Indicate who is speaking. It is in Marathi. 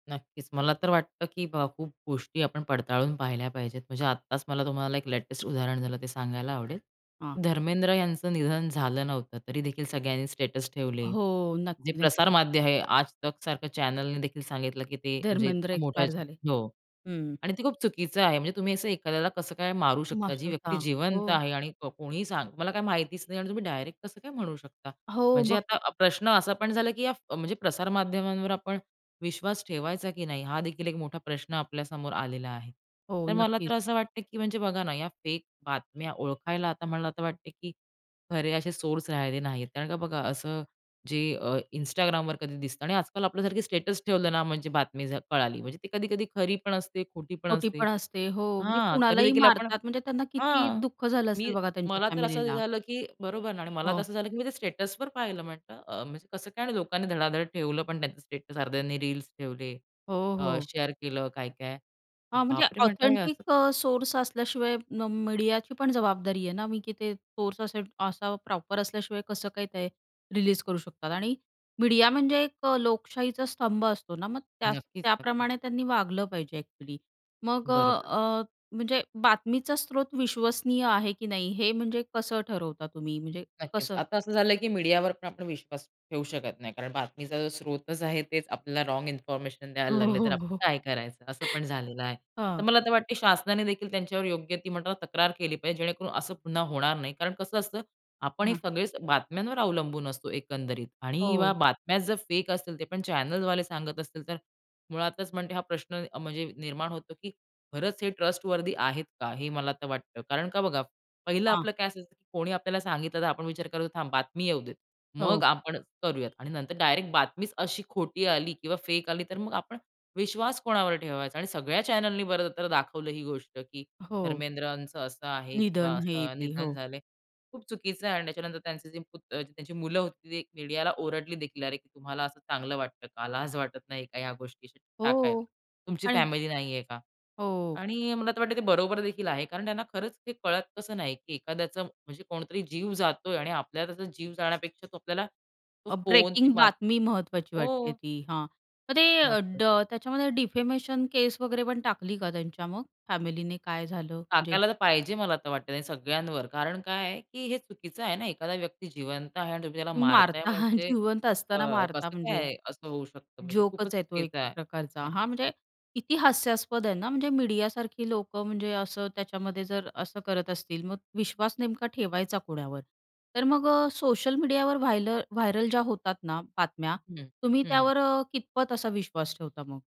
Speaker 1: नक्कीच. मला तर वाटतं, की अ, खूप गोष्टी आपण पडताळून पाहिल्या पाहिजेत. म्हणजे आत्ताच मला तुम्हाला एक लेटेस्ट उदाहरण झालं ते सांगायला आवडेल.
Speaker 2: हां.
Speaker 1: धर्मेंद्र यांचं निधन झालं नव्हतं. तरी देखील सगळ्यांनी स्टेटस ठेवले.
Speaker 2: हो.
Speaker 1: जे
Speaker 2: नक्की,
Speaker 1: प्रसार
Speaker 2: नक्की.
Speaker 1: माध्य आहे, आजतक सारखं चॅनलने देखील सांगितलं, की ते, म्हणजे
Speaker 2: धर्मेंद्र
Speaker 1: इतकं मोठं
Speaker 2: एक्सपायर झाले.
Speaker 1: हो.
Speaker 2: हं.
Speaker 1: आणि ते खूप चुकीचं आहे. म्हणजे तुम्ही असं एखाद्याला कसं काय मारू शकता? जी व्यक्ती
Speaker 2: मास्टरचा.
Speaker 1: जिवंत
Speaker 2: हो.
Speaker 1: आहे आणि कोणीही सांग तुम्हाला काही माहितीच नाही आणि तुम्ही डायरेक्ट कसं काय म्हणू शकता?
Speaker 2: हो.
Speaker 1: म्हणजे
Speaker 2: बघ
Speaker 1: आता प्रश्न असा पण झाला, की या म्हणजे प्रसारमाध्यमांवर आपण विश्वास ठेवायचा, की नाही. हा देखील एक मोठा प्रश्न आपल्यासमोर आलेला आहे.
Speaker 2: हो.
Speaker 1: तर मला
Speaker 2: नक्कीच.
Speaker 1: तर असं वाटतं, की म्हणजे बघा ना, या फेक बातम्या ओळखायला आता मला तर वाटते, की खरे असे सोर्स राहिले नाहीत. कारण का बघा असं, जे अ, Instagramवर कधी दिसतं आणि आजकाल आपल्यासारखी स्टेटस ठेवलं ना, म्हणजे बातमी जर कळाली. म्हणजे ती कधी-कधी खरी पण असते, खोटी पण
Speaker 2: खोटी
Speaker 1: असते.
Speaker 2: पण असते. हो. म्हणजे
Speaker 1: हां.
Speaker 2: कुणालाही
Speaker 1: तरीदेखील आपण
Speaker 2: मारतात, म्हणजे त्यांना किती
Speaker 1: हां.
Speaker 2: दुःख झालं
Speaker 1: मी,
Speaker 2: असेल बघा त्यांच्या
Speaker 1: मला तर असं
Speaker 2: फॅमिलीला.
Speaker 1: झालं, की बरोबर ना. आणि मला तर
Speaker 2: हो.
Speaker 1: असं झालं, की मी ते स्टेटसवर पाहिलं म्हटलं. अ, म्हणजे कसं काय आणि लोकांनी धडाधड ठेवलं पण त्यांचं स्टेटस. अर्ध्यांनी रील्स ठेवले,
Speaker 2: हो,
Speaker 1: अ,
Speaker 2: हो.
Speaker 1: शेअर केलं काय-काय,
Speaker 2: हां. म्हणजे
Speaker 1: "बाप रे!" म्हटलं हे
Speaker 2: ऑथेंटिक
Speaker 1: असं कसं.
Speaker 2: अ, सोर्स असल्याशिवाय मीडियाची पण जबाबदारी आहे ना, मी, की ते सोर्स असे असा प्रॉपर असल्याशिवाय कसं काही ते रिलीज करू शकतात? आणि मीडिया म्हणजे एक अ, लोकशाहीचा स्तंभ असतो ना? मग त्या
Speaker 1: नक्कीच, नक्कीच.
Speaker 2: त्याप्रमाणे त्यांनी वागलं पाहिजे एक्चुअली. मग अ,
Speaker 1: बरोबर.
Speaker 2: अ, म्हणजे बातमीचा स्रोत विश्वसनीय आहे, की नाही हे म्हणजे कसं ठरवता तुम्ही? म्हणजे,
Speaker 1: नक्कीच.
Speaker 2: कसं?
Speaker 1: आता असं झालं आहे, की मीडियावर पण आपण विश्वास ठेवू शकत नाही. कारण बातमीचा स्रोतच आहे, तेच आपल्याला रॉंग इन्फॉर्मेशन द्यायला लागले, तर आपण
Speaker 2: हो.
Speaker 1: काय करायचं? असं पण झालेलं आहे. तर
Speaker 2: हां.
Speaker 1: मला तर वाटते शासनाने देखील त्यांच्यावर योग्य ती म्हणतो ना, तक्रार केली पाहिजे जेणेकरून असं पुन्हा होणार नाही. कारण कसं असतं, आपण हे
Speaker 2: हां.
Speaker 1: सगळेच बातम्यांवर अवलंबून असतो एकंदरीत. आणि व्या
Speaker 2: हो.
Speaker 1: बातम्या जर फेक असतील, ते पण चॅनेलवाले सांगत असतील, तर मुळातच म्हणते हा प्रश्न निर्माण होतो, की खरंच हे ट्रस्टवर्थी आहेत का? हे मला तर वाटतं. कारण का बघा, पहिलं
Speaker 2: हां.
Speaker 1: आपलं काय असतं, की कोणी आपल्याला सांगितलं, तर आपण विचार करतो थांब बातमी येऊ देत.
Speaker 2: हो.
Speaker 1: मग आपण करूयात. आणि नंतर डायरेक्ट बातमीच अशी खोटी आली किंवा फेक आली, तर मग आपण विश्वास कोणावर ठेवायचा? आणि सगळ्या चॅनेलनी बर तर दाखवलं ही गोष्ट, की
Speaker 2: अहो.
Speaker 1: धर्मेंद्रांच असं आहे किंवा
Speaker 2: निधन. हे,
Speaker 1: असं
Speaker 2: ते,
Speaker 1: निधन
Speaker 2: हो.
Speaker 1: झालंय. खूप चुकीचं आहे आणि त्याच्यानंतर त्यांचे जे पुत त्यांची मुलं होती ती मीडियाला ओरडली देखील, अरे, तुम्हाला असं चांगलं वाटतं का? लाज वाटत नाही का ह्या गोष्टी अशी टाकायला?
Speaker 2: हो.
Speaker 1: तुमची
Speaker 2: आणि
Speaker 1: फॅमिली नाही आहे का?
Speaker 2: हो.
Speaker 1: आणि मला तर वाटत ते बरोबर देखील आहे. कारण त्यांना खरंच ते कळत कसं नाही, की एखाद्याचा म्हणजे कोणतरी जीव जातोय आणि आपल्याला त्याचा जीव जाण्यापेक्षा आपल्याला तो
Speaker 2: अ,
Speaker 1: फोन, ती
Speaker 2: ब्रेकिंग
Speaker 1: बातमी
Speaker 2: बातमी महत्वाची वाटते
Speaker 1: हो.
Speaker 2: ती, हां. तर ते अ,
Speaker 1: नक्की.
Speaker 2: ड त्याच्यामध्ये डिफेमेशन केस वगैरे पण टाकली का त्यांच्या मग, फॅमिलीने, काय झालं म्हणजे?
Speaker 1: टाकायला तर पाहिजे मला आता वाटतं, सगळ्यांवर. कारण काय आहे, की हे चुकीचं आहे ना? एखादा व्यक्ती जिवंत आहे आणि तुम्ही त्याला
Speaker 2: तुम्ही
Speaker 1: मारताय
Speaker 2: मारता,
Speaker 1: म्हणजे,
Speaker 2: जिवंत
Speaker 1: अ,
Speaker 2: असताना मारता
Speaker 1: कसं काय
Speaker 2: म्हणजे.
Speaker 1: आहे असं होऊ शकतं म्हणजे? खूपच
Speaker 2: जोकच आहे तो एक
Speaker 1: चुकीचं आहे.
Speaker 2: प्रकारचा. हा
Speaker 1: नक्कीच
Speaker 2: म्हणजे
Speaker 1: तर.
Speaker 2: किती हास्यास्पद आहे ना. म्हणजे मीडियासारखी लोकं म्हणजे असं त्याच्यामध्ये जर असं करत असतील, मग विश्वास नेमका ठेवायचा कोणावर? तर मग, अ, सोशल मीडियावर व्हाय व्हायरल ज्या होतात ना बातम्या,
Speaker 1: हं.
Speaker 2: तुम्ही
Speaker 1: हं, हं.
Speaker 2: त्यावर अ, कितपत असा विश्वास ठेवता मग?